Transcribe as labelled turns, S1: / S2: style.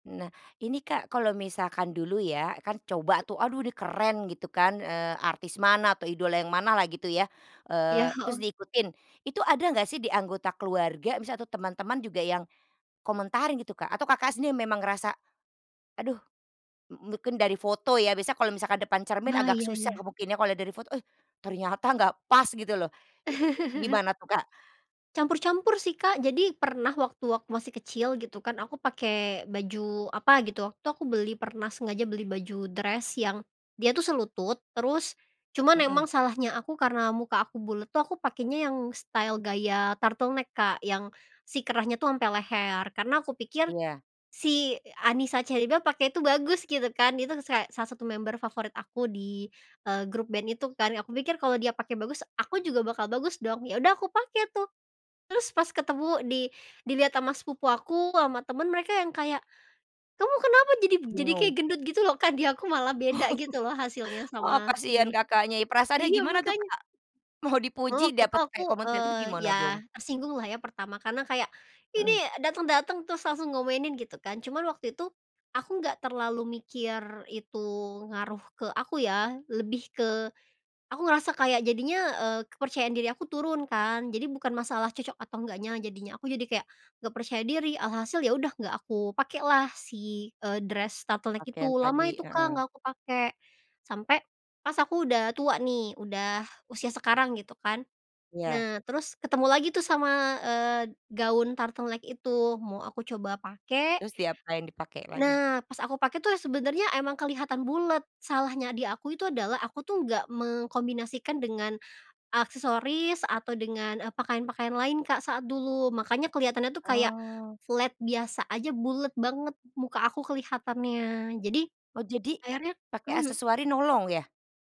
S1: Nah, ini Kak, kalau misalkan dulu ya, kan coba tuh, aduh ini keren gitu kan, eee, artis mana atau idola yang mana lah gitu ya,
S2: Iya,
S1: eee, terus
S2: heeh.
S1: diikutin. Itu ada enggak sih di anggota keluarga, misal atau teman-teman juga yang komentarin gitu, Kak atau Kakak sendiri memang ngerasa, aduh mu mungkin dari foto ya, biasanya kalau misalkan depan cermin
S2: Wah,
S1: agak
S2: iya
S1: susah
S2: iya.
S1: ngebuktiinnya, kalau dari foto eh, ternyata enggak pas gitu loh. I gimana tuh, Kak?
S2: Campur-campur sih, Kak. Jadi, pernah waktu aku masih kecil gitu kan, aku pakai baju apa gitu, waktu aku beli pernah sengaja beli baju dress yang dia tuh selutut. Terus cuman emang
S1: Mhm.
S2: salahnya aku karena muka aku bulet tuh aku pakainya yang style gaya turtleneck, Kak, yang si kerahnya tuh sampe leher, karena aku pikir
S1: Iya.
S2: si e Anisa Cherrybelle, pake itu bagus gitu kan, dia tuh sus kek salah satu member favorit aku di, eee, grup band itu kan. Aku pikir kalau dia pake bagus, aku juga bakal bagus dong! Ya udah aku pake tuh. Terus pas ketemu, di dilihat sama sepupu aku, sama temen mereka yang kayak, "Kamu kenapa jadi b jadi kayak
S1: Bingung.
S2: gendut?" Gitu loh, Kak di aku malah
S1: Oh.
S2: beda gitu loh, hasilnya
S1: Heeh,
S2: sama
S1: kasihan
S2: si
S1: Kakaknya, ya perasaannya
S2: iya,
S1: gimana tuh,
S2: makanya.
S1: Kak? Mau
S2: Cuma
S1: dipuji,
S2: waktu itu
S1: dapet
S2: aku,
S1: kayak komentar, itu
S2: eee,
S1: gimana dong?
S2: ya tersinggung lah ya, pertama, karena kayak ini
S1: Mhm.
S2: dateng-dateng terus langsung ngomenin gitu kan. Cuma waktu itu aku nggak terlalu mikir itu ngaruh ke aku ya, lebih ke aku ngerasa kayak jadinya, eee, kepercayaan diri aku turun kan, jadi bukan masalah cocok atau enggaknya jadinya, aku jadi kayak nggak percaya diri, alhasil ya udah, nggak aku pakai lah si, eee, dress turtleneck itu,
S1: Pakaian
S2: lama
S1: tadi,
S2: itu Kak,
S1: heeh.
S2: nggak aku pake. Sampai pas aku udah tua nih, udah usia sekarang gitu kan.
S1: Iya.
S2: Nah, terus ketemu lagi tuh sama eee, gaun turtleneck itu, mau aku coba pake
S1: Terus diapain? Dipake lagi?
S2: Nah, pas aku pakai tuh, ya sebenernya emang kelihatan bulet. Salahnya di aku itu adalah, aku tuh nggak mengkombinasikan dengan aksesoris atau dengan, eee, pakaian-pakaian lain, Kak, saat dulu. Makanya kelihatannya tuh kayak
S1: Oh.
S2: flat biasa aja bulet banget muka aku kelihatannya. Jadi
S1: Oh jadi,
S2: akhirnya
S1: pake
S2: mhm.
S1: aksesoris nolong ya?